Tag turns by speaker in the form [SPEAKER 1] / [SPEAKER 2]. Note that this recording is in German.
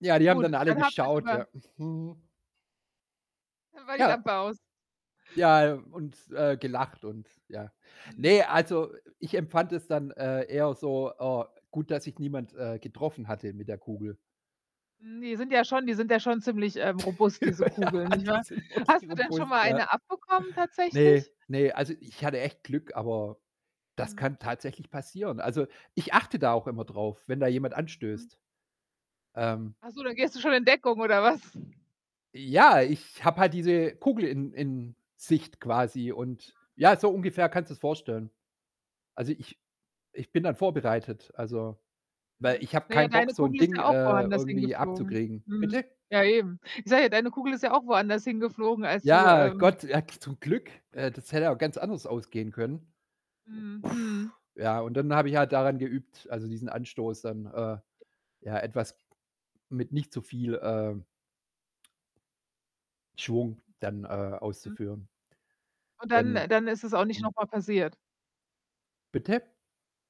[SPEAKER 1] Ja, die haben dann
[SPEAKER 2] Gut,
[SPEAKER 1] alle
[SPEAKER 2] dann habt ihr
[SPEAKER 1] geschaut,
[SPEAKER 2] sogar
[SPEAKER 1] ja. Mhm.
[SPEAKER 2] Dann war die
[SPEAKER 1] Ja.
[SPEAKER 2] Lampe aus.
[SPEAKER 1] Ja, äh, und, äh, gelacht, und ja
[SPEAKER 2] Mhm.
[SPEAKER 1] Ne, also ich empfand es dann, äh, eher so, äh gut, dass sich niemand, äh, getroffen hatte mit der Kugel.
[SPEAKER 2] Ne, sind ja schon die sind ja schon ziemlich, ähm, robust, diese Kugeln,
[SPEAKER 1] Ja,
[SPEAKER 2] nicht
[SPEAKER 1] die
[SPEAKER 2] wahr?
[SPEAKER 1] sind wirklich
[SPEAKER 2] Hast du denn schon
[SPEAKER 1] robust,
[SPEAKER 2] mal
[SPEAKER 1] ja.
[SPEAKER 2] eine abbekommen
[SPEAKER 1] Ne,
[SPEAKER 2] tatsächlich?
[SPEAKER 1] ne, also ich hatte echt Glück, aber das
[SPEAKER 2] Mhm.
[SPEAKER 1] kann tatsächlich passieren. Also, ich achte da auch immer drauf, wenn da jemand
[SPEAKER 2] Mhm.
[SPEAKER 1] anstößt. Ähm
[SPEAKER 2] Ach so, dann gehst du schon in Deckung oder was?
[SPEAKER 1] Ja, ich habe halt diese Kugel in in Sicht quasi, und, ja, so ungefähr kannst du es vorstellen. Also ich ich bin dann vorbereitet, also weil
[SPEAKER 2] Mhm.
[SPEAKER 1] ich habe
[SPEAKER 2] Na ja,
[SPEAKER 1] keinen Bock,
[SPEAKER 2] deine
[SPEAKER 1] so 'n
[SPEAKER 2] Kugel ist
[SPEAKER 1] Ding,
[SPEAKER 2] ja auch
[SPEAKER 1] äh,
[SPEAKER 2] woanders
[SPEAKER 1] irgendwie
[SPEAKER 2] hingeflogen.
[SPEAKER 1] abzukriegen.
[SPEAKER 2] Mhm.
[SPEAKER 1] Bitte?
[SPEAKER 2] Ja, eben. Ich sage ja, deine Kugel ist ja auch woanders hingeflogen, als du,
[SPEAKER 1] Ja,
[SPEAKER 2] ähm
[SPEAKER 1] Gott, ja k zum Glück, äh, das hätte auch ganz anders ausgehen können.
[SPEAKER 2] Mhm. Mhm.
[SPEAKER 1] Ja, und dann habe ich halt daran geübt, also diesen Anstoß dann, äh, ja, etwas, mit nicht zu viel, ähm Schwung dann, äh,
[SPEAKER 2] Mhm.
[SPEAKER 1] auszuführen.
[SPEAKER 2] Und dann
[SPEAKER 1] Dann.
[SPEAKER 2] dann ist es auch nicht
[SPEAKER 1] [unintelligible]
[SPEAKER 2] noch mal passiert?
[SPEAKER 1] Bitte?